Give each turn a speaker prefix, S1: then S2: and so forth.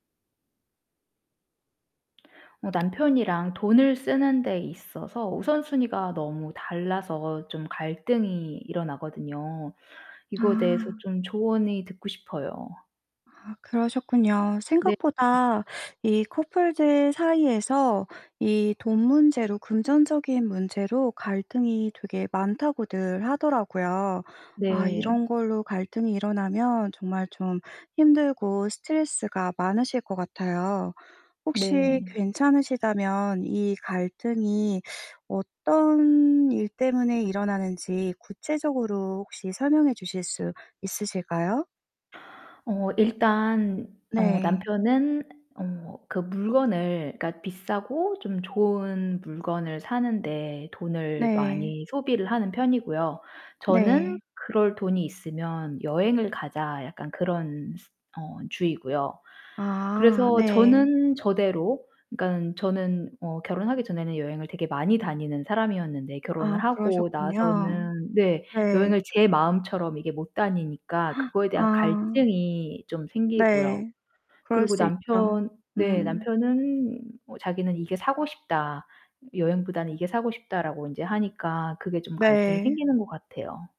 S1: 어 남편이랑 돈을 쓰는 데 있어서 우선순위가 너무 달라서 좀 갈등이 일어나거든요. 이거에 대해서
S2: 아.
S1: 좀 조언이 듣고 싶어요.
S2: 아 그러셨군요.
S1: 네.
S2: 생각보다 이 커플들 사이에서 이 돈 문제로 금전적인 문제로 갈등이 되게 많다고들 하더라고요. 아
S1: 네.
S2: 이런 걸로 갈등이 일어나면 정말 좀 힘들고 스트레스가 많으실 것 같아요. 혹시
S1: 네.
S2: 괜찮으시다면 이 갈등이 어떤 일 때문에 일어나는지 구체적으로 혹시 설명해 주실 수 있으실까요?
S1: 어, 일단 어
S2: 네.
S1: 남편은 어 그 물건을 그니까 비싸고 좀 좋은 물건을 사는 데 돈을
S2: 네.
S1: 많이 소비를 하는 편이고요. 저는
S2: 네.
S1: 그럴 돈이 있으면 여행을 가자, 약간 그런 어 주의고요.
S2: 아
S1: 그래서
S2: 네.
S1: 저는 저대로 그니깐 저는 어 결혼하기 전에는 여행을 되게 많이 다니는 사람이었는데 결혼을
S2: 아
S1: 하고
S2: 그러셨군요.
S1: 나서는 네
S2: 네.
S1: 여행을 제 마음처럼 이게 못 다니니까 그거에 대한
S2: 아.
S1: 갈등이 좀 생기고요.
S2: 네, 그럴
S1: 그리고
S2: 수 있죠.
S1: 남편 네,
S2: 음.
S1: 남편은 뭐 자기는 이게 사고 싶다. 이 여행보다는 이게 사고 싶다라고 인제 하니까 그게 좀 갈등이
S2: 네.
S1: 생기는 것 같아요.